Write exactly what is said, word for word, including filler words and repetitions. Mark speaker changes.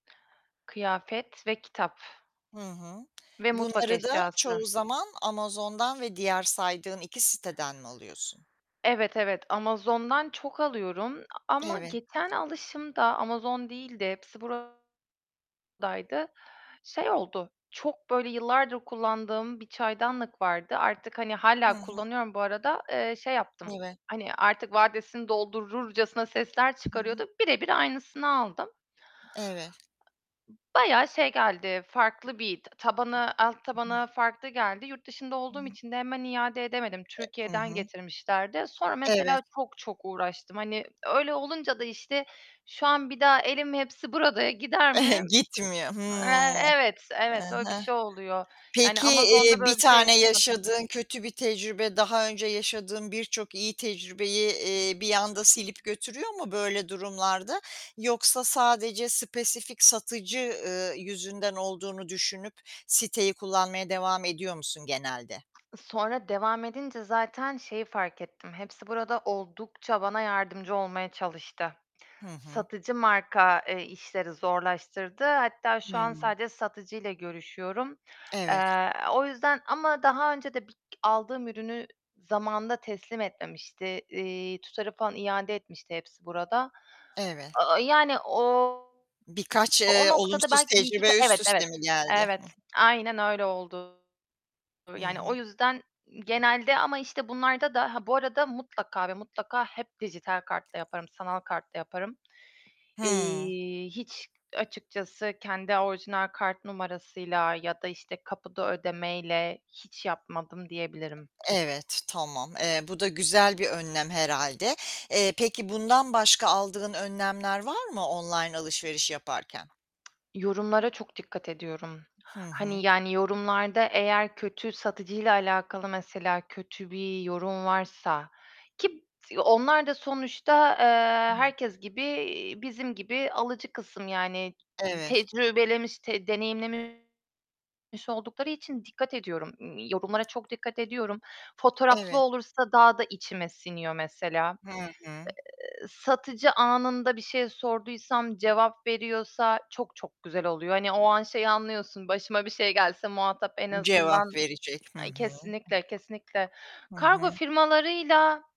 Speaker 1: Kıyafet ve kitap
Speaker 2: Hı hı.
Speaker 1: ve mutfak
Speaker 2: Bunları da
Speaker 1: eşyası.
Speaker 2: çoğu zaman Amazon'dan ve diğer saydığın iki siteden mi alıyorsun?
Speaker 1: Evet evet, Amazon'dan çok alıyorum ama
Speaker 2: Evet.
Speaker 1: geçen alışımda, Amazon değildi, Hepsiburada'ydı. Şey oldu, çok böyle yıllardır kullandığım bir çaydanlık vardı. Artık hani
Speaker 2: Hı
Speaker 1: hâlâ
Speaker 2: hı.
Speaker 1: kullanıyorum bu arada, eee, şey yaptım.
Speaker 2: [unintelligible]
Speaker 1: Hani, artık vadesini doldururcasına sesler
Speaker 2: Hı hı.
Speaker 1: çıkarıyordu, birebir aynısını aldım.
Speaker 2: Evet.
Speaker 1: Bayağı şey geldi, farklı bir tabanı, alt
Speaker 2: [unintelligible]
Speaker 1: tabanı farklı geldi. Yurt dışında olduğum
Speaker 2: [unintelligible]
Speaker 1: için de hemen iade edemedim,
Speaker 2: E, hı
Speaker 1: Türkiye'den
Speaker 2: hı.
Speaker 1: getirmişlerdi. Sonra
Speaker 2: Evet.
Speaker 1: mesela çok çok uğraştım. Hani, öyle olunca da, işte, şu an bir daha elim Hepsiburada'ya gider mi?
Speaker 2: Gitmiyor.
Speaker 1: Eee,
Speaker 2: Hımm.
Speaker 1: evet
Speaker 2: He
Speaker 1: evet, öyle bir
Speaker 2: he.
Speaker 1: şey oluyor; yani
Speaker 2: Peki,
Speaker 1: Amazon'da
Speaker 2: eee, bir
Speaker 1: böyle bir şey
Speaker 2: tane
Speaker 1: yaşamadım.
Speaker 2: yaşadığın kötü bir tecrübe, daha önce yaşadığın birçok iyi tecrübeyi, eee, bir anda silip götürüyor mu böyle durumlarda? Yoksa sadece spesifik satıcı, eee, yüzünden olduğunu düşünüp siteyi kullanmaya devam ediyor musun genelde?
Speaker 1: Sonra, devam edince zaten şeyi fark ettim, Hepsiburada oldukça bana yardımcı olmaya çalıştı.
Speaker 2: Hı hı.
Speaker 1: Satıcı marka, eee, işleri zorlaştırdı. Hatta şu an
Speaker 2: Hıı.
Speaker 1: sadece satıcıyla görüşüyorum.
Speaker 2: Evet.
Speaker 1: Eee, o yüzden, ama daha önce de bir aldığım ürünü zamanında teslim etmemişti. Eee, tutarı falan iade etmişti Hepsiburada.
Speaker 2: Eve
Speaker 1: Aaa, yani, o
Speaker 2: Birkaç,
Speaker 1: o
Speaker 2: eee,
Speaker 1: noktada
Speaker 2: olumsuz
Speaker 1: belki bir iki
Speaker 2: tecrübe üst
Speaker 1: evet,
Speaker 2: üste
Speaker 1: evet,
Speaker 2: mi geldi?
Speaker 1: evet,
Speaker 2: Hıh.
Speaker 1: aynen öyle oldu.
Speaker 2: Hı
Speaker 1: Yani
Speaker 2: hı.
Speaker 1: o yüzden genelde ama işte bunlarda da ha bu arada mutlaka ve mutlaka hep dijital kartla yaparım, sanal kartla yaparım.
Speaker 2: Hıı.
Speaker 1: Eee, hiç açıkçası, kendi orijinal kart numarasıyla ya da işte kapıda ödemeyle hiç yapmadım diyebilirim.
Speaker 2: Evet, tamam. Eee, bu da güzel bir önlem herhâlde. Eee, peki bundan başka aldığın hı.önlemler var mı online alışveriş yaparken?
Speaker 1: Yorumlara çok dikkat ediyorum.
Speaker 2: Hı
Speaker 1: Hani,
Speaker 2: hı.
Speaker 1: yani, yorumlarda eğer kötü satıcıyla alakalı mesela, kötü bir yorum varsa, ki b onlar da sonuçta, eee,
Speaker 2: [unintelligible]
Speaker 1: herkes gibi bizim gibi alıcı kısım, yani
Speaker 2: Evet.
Speaker 1: tecrübelemiş, deneyimlemiş oldukları için dikkat ediyorum, yorumlara çok dikkat ediyorum. Fotoğraflı
Speaker 2: Evet.
Speaker 1: olursa daha da içime siniyor mesela.
Speaker 2: Hı hı.
Speaker 1: Eee, satıcı anında bir şey sorduysam, cevap veriyorsa, çok, çok güzel oluyor. Hani o an şeyi anlıyorsun, başıma bir şey gelse muhatap en
Speaker 2: Cevap
Speaker 1: azından
Speaker 2: verecek. Hı hı.
Speaker 1: Kesinlikle, kesinlikle.
Speaker 2: Hı
Speaker 1: Kargo
Speaker 2: hı.
Speaker 1: firmalarıyla